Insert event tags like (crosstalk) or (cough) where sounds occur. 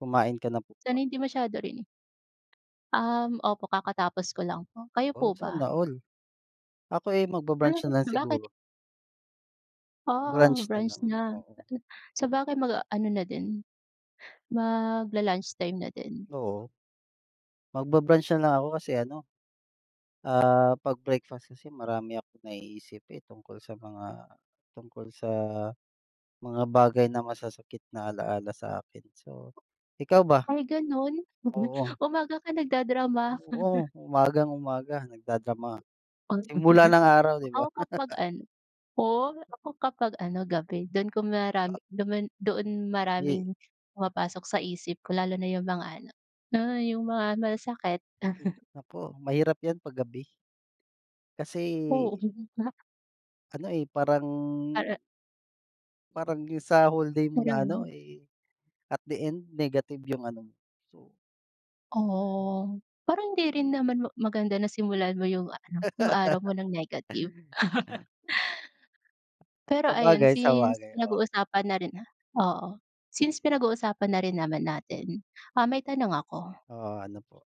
Kumain ka na po ba? Sana hindi masyado rin. Um, opo, kakatapos ko lang po, kayo Oo, po ba? sana all. Ako eh, Ano, magba-brunch na lang bakit? siguro. Ah, Brunch na lang, brunch na, oo. sabagay mag-aano na din, magla-lunchtime na din. Oo, magba-brunch na lang ako kasi ano, ah 'pag breakfast kasi, marami akong naiisip eh, tungkol sa mga, tungkol sa mga bagay na masasakit na alaala sa akin, so, ikaw ba? Ay, ganun? Oo. (chuckles) Umaga ka nagda-drama? Oo, (chuckles) umagang-umaga nagda-drama, simula ng araw 'di 'ba. Ako kapag (chuckles) ano. Oo, ako kapag ano, gabi dun kung Ah. marami dumaan, doon Ih maraming pumapasok sa isip ko, lalo na yung mga ano, alam mo yung mga masasakit. Hala, naku, mahirap yan pag gabi kasi Oo nga. ano eh parang Ara Parang yung sa whole day mo na ano Marami. eh, at the end, negative yung ano mo. Oo, parang hindi rin naman ma maganda na simulan mo yung ano, yung araw mo ng negative. (chuckles) Pero ayun, Sabagay, since sabagay, oh. pinag-uusapan na rin, ah, Oo, since pinag-uusapan na rin naman natin, ah, may tanong ako. Oh, ano po.